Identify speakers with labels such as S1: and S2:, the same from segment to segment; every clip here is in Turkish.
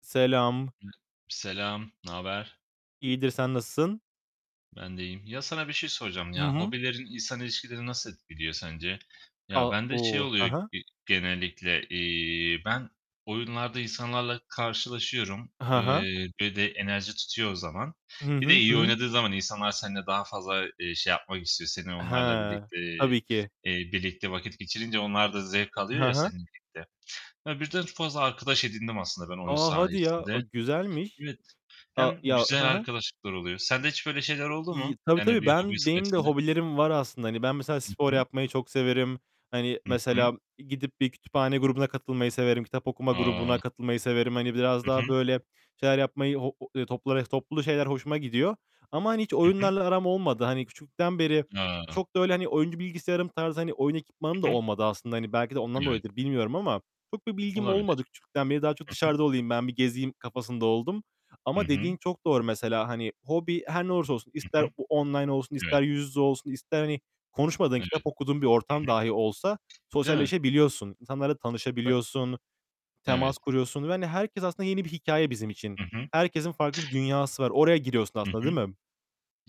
S1: Selam!
S2: Hı Selam! Naber?
S1: İyidir, sen nasılsın?
S2: Ben de iyiyim. Ya, sana bir şey soracağım
S1: Hı
S2: ya!
S1: hı.
S2: Hobilerin insan ilişkilerini nasıl etkiliyor sence? Ya,
S1: A
S2: bende şey
S1: O! Hı
S2: oluyor
S1: hı.
S2: ge genellikle. İii, ben oyunlarda insanlarla karşılaşıyorum,
S1: Hı hı.
S2: eee, ve de enerji tutuyor o zaman.
S1: Hı
S2: Bir de
S1: hı.
S2: iyi
S1: Hıı!
S2: oynadığın zaman insanlar seninle daha fazla, eee, şey yapmak istiyor; seni, onlarla
S1: He!
S2: birlikte,
S1: Tabii ki.
S2: eee, birlikte vakit geçirince onlar da zevk alıyor
S1: Hı
S2: ya,
S1: hı.
S2: seninle birlikte. Ya, birden ç fazla arkadaş edindim aslında ben oyun
S1: A, hadi ya! A,
S2: sayesinde.
S1: güzelmiş.
S2: Evet.
S1: A
S2: Hem
S1: ya, hı
S2: güzel
S1: hı!
S2: arkadaşlıklar oluyor. Sende hiç böyle şeyler oldu
S1: İyi
S2: mu?
S1: Tabii,
S2: Yani
S1: tabii.
S2: bir hobin
S1: Ben benim de
S2: sayesinde.
S1: hobilerim var aslında. Hani, ben mesela
S2: Hı
S1: spor
S2: hı.
S1: yapmayı çok severim. Hani,
S2: Hı hı.
S1: mesela gidip bir kütüphane grubuna katılmayı severim. Kitap okuma
S2: A!
S1: grubuna katılmayı severim. Hani, biraz
S2: Hı hı.
S1: daha böyle şeyler yapmayı, ho o ııı, topla res toplu şeyler hoşuma gidiyor. Ama, hani, hiç
S2: Hı hı.
S1: oyunlarla aram olmadı. Hani, küçüklükten beri
S2: A!
S1: çok da öyle, hani, oyuncu bilgisayarım tarzı, hani, oyun ekipmanım da
S2: Hı hı.
S1: olmadı aslında. Hani, belki de ondan
S2: Evet.
S1: dolayıdır bilmiyorum ama çok bir bilgim olmadı
S2: Olabilir.
S1: küçüklükten beri. Daha çok
S2: Hı hı.
S1: dışarıda olayım, ben bir gezeyim kafasında oldum.
S2: Hı
S1: Ama
S2: hı.
S1: dediğin çok doğru mesela, hani, hobi her ne olursa olsun.
S2: Hı
S1: İster
S2: hı.
S1: o online olsun,
S2: Evet.
S1: ister yüz yüze olsun, ister, hani, konuşmadığın,
S2: Evet.
S1: kitap okuduğun bir
S2: Hı
S1: ortam
S2: hı.
S1: dahi olsa
S2: Değil mi?
S1: sosyalleşebiliyorsun. İnsanlarla
S2: Be
S1: tanışabiliyorsun. Temas
S2: Evet.
S1: kuruyorsun ve, hani, herkes aslında yeni bir hikâye bizim için.
S2: Hı hı.
S1: Herkesin farklı bir dünyası var. Oraya giriyorsun
S2: Hı
S1: aslında,
S2: hı.
S1: değil mi?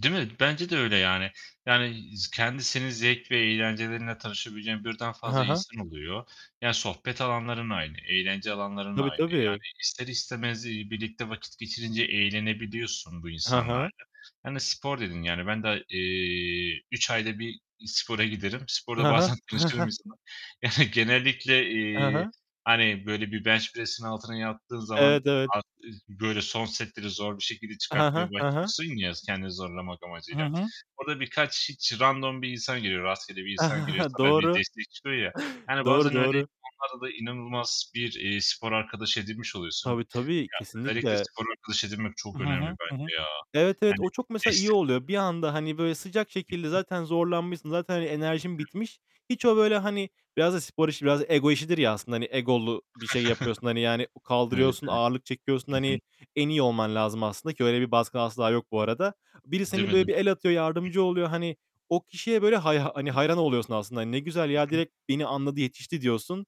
S2: Değil mi? Bence de öyle yani. Yani, z kendisinin zevk ve eğlencelerinle tanışabileceğin birden
S1: Hı
S2: fazla
S1: hı.
S2: insan oluyor. Ya, sohbet alanların aynı, eğlence alanların
S1: Tabii,
S2: aynı. Yani
S1: tabii!
S2: ister istemez, iii, birlikte vakit geçirince eğlenebiliyorsun bu
S1: Ha ha.
S2: insanlarla. Hani, spor dedin, yani, ben da eee, 3 ayda 1 i spora giderim. Sporda
S1: Ha ha.
S2: bazen [unintelligible] Yani, genellikle,
S1: He he.
S2: iii, hani, böyle, bir bench press'in altına yattığın zaman
S1: Evet, evet!
S2: ar iz böyle, son setleri zor bir şekilde
S1: He he.
S2: çıkartmaya
S1: He he.
S2: başlıyorsun ya, s kendini zorlamak
S1: Hı
S2: amacıyla.
S1: hı.
S2: Orada birkaç hiç random bir insan geliyor, rastgele bir insan geliyor, sana bir
S1: Doğru.
S2: destek çıkıyor ya! Yani,
S1: Doğru,
S2: bazen öyle
S1: doğru!
S2: insanlarla da inanılmaz bir, iii, spor arkadaşı edinmiş oluyorsun.
S1: Tabii,
S2: Ya,
S1: tabii!
S2: özellikle
S1: Kesinlikle!
S2: spor arkadaşı edinmek
S1: Hı
S2: çok
S1: hı.
S2: önemli
S1: Hı hı.
S2: bence ya!
S1: Evet, evet.
S2: Yani,
S1: O çok mesela iyi
S2: destek
S1: oluyor.
S2: oluyor.
S1: Bir anda, hani, böyle, sıcak
S2: Hı
S1: şekilde.
S2: hı.
S1: Zaten zorlanmışsın, zaten, hani, enerjin
S2: [unintelligible]
S1: bitmiş. Hiç o, böyle,
S2: Hı hı.
S1: hani, biraz da spor işi, biraz ego işidir ya aslında. Hani, egolu bir şey yapıyorsun. Hani, yani, u
S2: Evet,
S1: kaldırıyorsun,
S2: evet.
S1: ağırlık çekiyorsun,
S2: Hı hı.
S1: hani, en iyi olman lazım aslında ki öyle bir baskı asla yok bu arada. Biri
S2: Değil
S1: seni,
S2: mi
S1: böyle,
S2: değil mi?
S1: bir el atıyor,
S2: Hı
S1: yardımcı
S2: hı.
S1: oluyor. Hani, o kişiye, böyle, hay hani,
S2: [unintelligible]
S1: hayran oluyorsun aslında. Hani, "Ne güzel ya,
S2: Hı hı.
S1: direkt beni anladı, yetişti." diyorsun.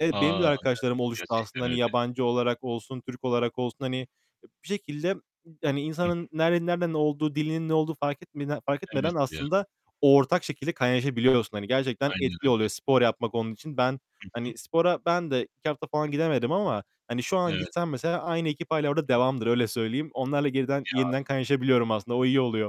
S1: Evet, benim de
S2: A. [unintelligible]
S1: arkadaşlarım oluştu aslında.
S2: Gerçekten
S1: Hani,
S2: öyle.
S1: yabancı olarak olsun, Türk olarak olsun. Hani,
S2: Ih.
S1: e bir şekilde, ı yani,
S2: Hı hı.
S1: insanın nerede nereden olduğu, dilinin ne olduğu fark etmede fark etmeden
S2: Evet ya!
S1: aslında ortak şekilde kaynaşabiliyorsun. Hani, gerçekten
S2: Aynen
S1: etkili
S2: öyle.
S1: oluyor spor yapmak onun için. Ben,
S2: Hı hı.
S1: hani, spora ben de 2 hafta falan gidemedim ama, hani, şu an
S2: Evet.
S1: gitsem mesela aynı ekip hâlâ orada devamdır.
S2: [unintelligible]
S1: Öyle söyleyeyim. Onlarla geriden,
S2: Ya!
S1: yeniden kaynaşabiliyorum aslında o iyi oluyor.